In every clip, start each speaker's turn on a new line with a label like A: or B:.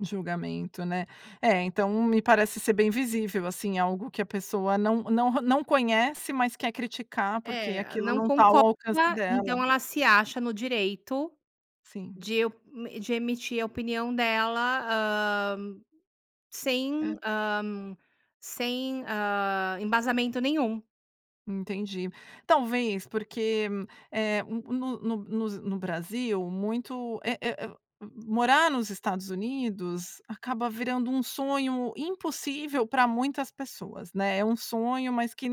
A: Julgamento, né. É, então me parece ser bem visível, assim, algo que a pessoa não não não conhece, mas quer criticar, porque
B: É,
A: aquilo
B: não
A: não tá ao
B: concorda
A: alcance dela.
B: então ela se acha no direito
A: Sim.
B: de e de emitir a opinião dela, hã, sem,
A: Hã.
B: hã, sem, hã, embasamento nenhum.
A: Entendi. Talvez porque, eh, no no no no Brasil muito, eh eh eh morar nos Estados Unidos acaba virando um sonho impossível pra muitas pessoas, né. É um sonho, mas que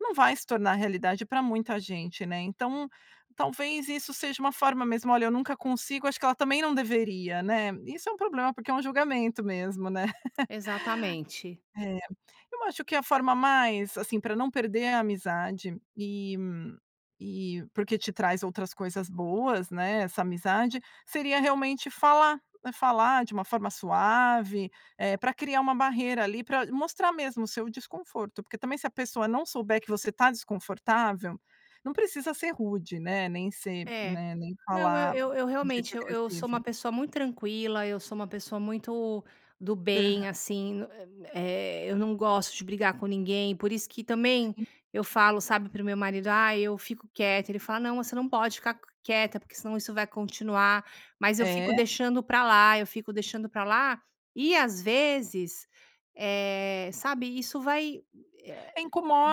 A: não vai se tornar realidade pra muita gente, né. Então, talvez isso seja uma forma mesmo: "Olha, eu nunca consigo, acho que ela também não deveria", né. Isso é um problema, porque é um julgamento mesmo, né.
B: Exatamente.
A: É. Eu acho que a forma mais, assim, pra não perder a amizade e e porque te traz outras coisas boas, né, essa amizade, seria realmente falar. Falar de uma forma suave, eh, pra criar uma barreira ali pra mostrar mesmo o seu desconforto, porque também se a pessoa não souber que você tá desconfortável, não precisa ser rude, né. Nem ser,
B: É.
A: né, nem
B: Não, eu
A: falar
B: eu eu
A: de um jeito
B: realmente eu eu sou uma
A: agressivo.
B: pessoa muito tranquila, eu sou uma pessoa muito do
A: Aham.
B: bem, assim, eh, eu não gosto de brigar com ninguém, por isso que também
A: Sim.
B: eu falo, sabe, para o meu marido: "Ai, eu fico quieta", ele fala: "Não, você não pode ficar q quieta porque senão isso vai continuar", mas eu fico
A: É.
B: deixando pra lá, eu fico deixando pra lá e às vezes, eh, sabe, isso vai, eh,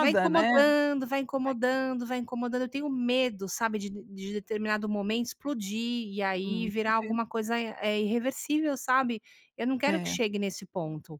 B: vai
A: né. Vai
B: incomodando, vai
A: [unintelligible]
B: incomodando, vai incomodando. Eu tenho medo, sabe, de de determinado momento explodir e
A: Hum,
B: aí virar
A: entendi.
B: alguma coisa, eh, irreversível, sabe. Eu não quero que
A: É.
B: chegue nesse ponto.